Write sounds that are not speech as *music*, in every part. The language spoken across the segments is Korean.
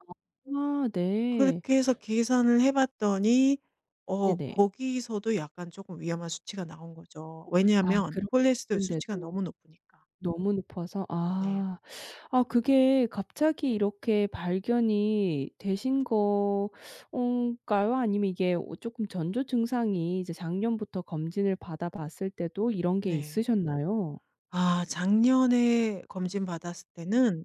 아 아 네. 그렇게 해서 계산을 해 봤더니 어 네네. 거기서도 약간 쪼끔 위험한 수치가 나온 거죠, 아 왜냐하면 그런 콜레스테롤 수치가 그런데도. 너무 높으니까. 너무 높아서 네. 아. 아 그게 갑자기 이렇게 발견이 되신 거 어 까요? 아니면 이게 쪼끔 전조 증상이 이제 작년부터 검진을 받아 봤을 때도 이런 게 네. 있으셨나요? 아 작년에 검진 받았을 때는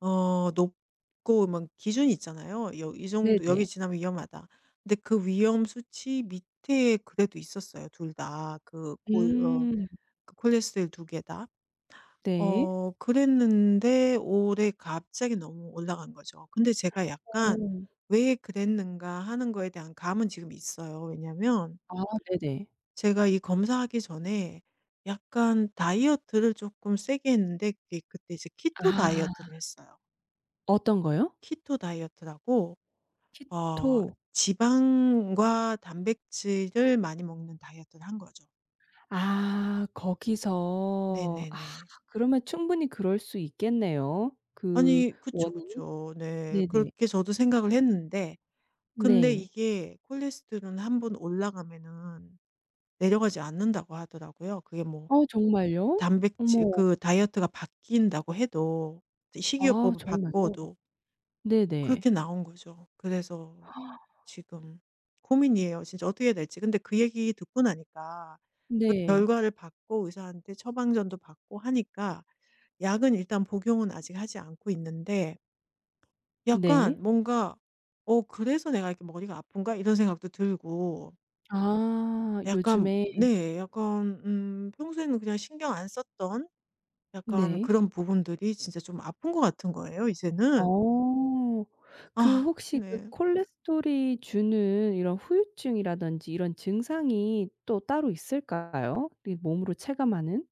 어 높고 뭔 기준이 있잖아요. 여 이 정도 네네. 여기 지나면 위험하다. 근데 그 위험 수치 밑에 그래도 있었어요 2 다 그 골 어 음. 그 콜레스테롤 2 개 다. 네. 어 그랬는데 올해 갑자기 너무 올라간 거죠. 근데 제가 약간 어. '왜 그랬는가?' 하는 것에 대한 감은 지금 있어요 왜냐면 아 네네. 제가 이 검사하기 전에 약간 다이어트를 쪼끔 세게 했는데 그게 그때 이제 키토 아. 다이어트를 했어요. 어떤 거요? 키토 다이어트라고 어 키토. 지방과 단백질을 많이 먹는 다이어트를 한 거죠. 아 네 거기서. 네 아 네. 그러면 충분히 그럴 수 있겠네요 그 아니 그쵸, 원인이. 그쵸. 네. 네네. 그렇게 저도 생각을 했는데 근데 네. 이게 콜레스테롤은 1 번 올라가면은 내려가지 않는다고 하더라고요. 그게 뭐 어 정말요? 단백질 어머. 그 다이어트가 바뀐다고 해도 이제 아 식이요법을 정말요? 바꿔도. 네네. 그렇게 나온 거죠. 그래서 *gasps* 지금 고민이에요, 진짜 어떻게 해야 될지. 근데 그 얘기 듣고 나니까 그 네. 결과를 받고 의사한테 처방전도 받고 하니까 약은 일단 복용은 아직 하지 않고 있는데 네. 약간 뭔가 '어 그래서 내가 이렇게 머리가 아픈가?' 이런 생각도 들고 아 약간 요즘에. 네. 약간 음 평소에는 그냥 신경 안 썼던 약간 네. 그런 부분들이 진짜 좀 아픈 것 같은 거예요 이제는. 어. 그 아 혹시 그 네. 콜레스테롤이 주는 이런 후유증이라든지 이런 증상이 또 따로 있을까요, 우리 몸으로 체감하는?